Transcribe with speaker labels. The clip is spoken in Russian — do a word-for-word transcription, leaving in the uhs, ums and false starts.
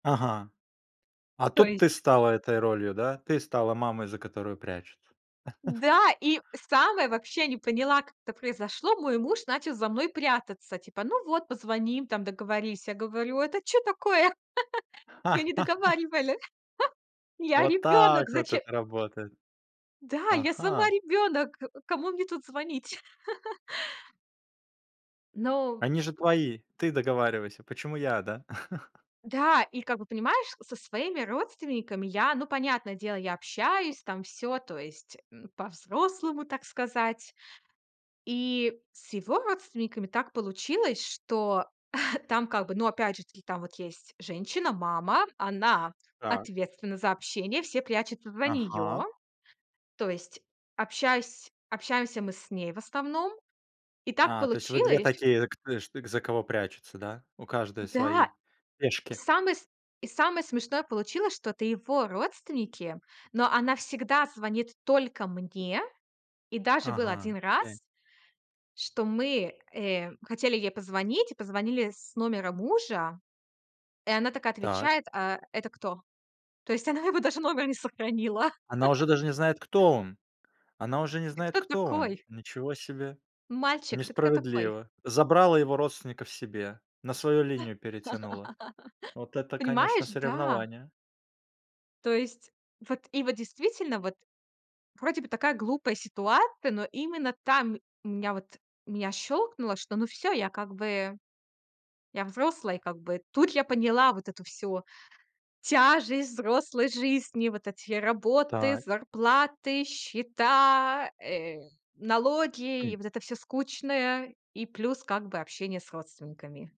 Speaker 1: Ага. А
Speaker 2: То
Speaker 1: тут ты
Speaker 2: есть
Speaker 1: стала этой ролью, да? Ты стала мамой, за которую прячутся.
Speaker 2: Да, и самое вообще не поняла, как это произошло. Мой муж начал за мной прятаться, типа, ну, вот позвоним им там, договорись. Я говорю: "Это чё такое?" "Я не договаривале." "Я
Speaker 1: Вот так
Speaker 2: ребёнок.
Speaker 1: вот
Speaker 2: Зачем?"
Speaker 1: это работает.
Speaker 2: Да, я сама
Speaker 1: Ага.
Speaker 2: ребёнок. К кому мне тут звонить? Ну
Speaker 1: Они же твои, ты договаривайся. Почему я, да?
Speaker 2: Да, и как бы, понимаешь, со своими родственниками я, ну, понятное дело, я общаюсь там, всё, то есть, м, по-взрослому, так сказать. И с его родственниками так получилось, что там как бы, ну, опять же таки, там вот есть женщина, мама, она
Speaker 1: Так.
Speaker 2: ответственна за общение, все прячутся за неё.
Speaker 1: Ага.
Speaker 2: То есть, общайсь общаемся мы с ней в основном. И так
Speaker 1: А, то есть вы две
Speaker 2: получилось
Speaker 1: такие, к ты ж ты за кого прячется, да? У каждой
Speaker 2: Да.
Speaker 1: свои
Speaker 2: И
Speaker 1: пешки.
Speaker 2: самое с и самое смешное получилось, что это его родственники, но она всегда звонит только мне. И даже был
Speaker 1: Ага,
Speaker 2: один
Speaker 1: окей.
Speaker 2: раз, что мы, э, хотели ей позвонить, и позвонили с номера мужа. И она такая
Speaker 1: Так.
Speaker 2: отвечает: "Э, это кто?" То есть она его даже номер не сохранила.
Speaker 1: Она уже даже не знает, кто он. Она уже не
Speaker 2: Ты
Speaker 1: знает,
Speaker 2: кто
Speaker 1: кто он.
Speaker 2: такой?
Speaker 1: Ничего себе.
Speaker 2: Мальчик, ты кто такой?
Speaker 1: Несправедливо. Забрала его родственников себе. На свою линию перетянула. Вот это, конечно,
Speaker 2: Понимаешь? Да.
Speaker 1: соревнование.
Speaker 2: То есть вот и вот действительно, вот вроде бы такая глупая ситуация, но именно там, м меня вот меня щёлкнуло, что, ну всё, я, как бы я взрослый, как бы. Тут я поняла вот эту всю тяжесть взрослой жизни: вот эти работы,
Speaker 1: Так.
Speaker 2: зарплаты, счета, э, налоги,
Speaker 1: М.
Speaker 2: вот это всё скучное, и плюс, как бы общение с родственниками.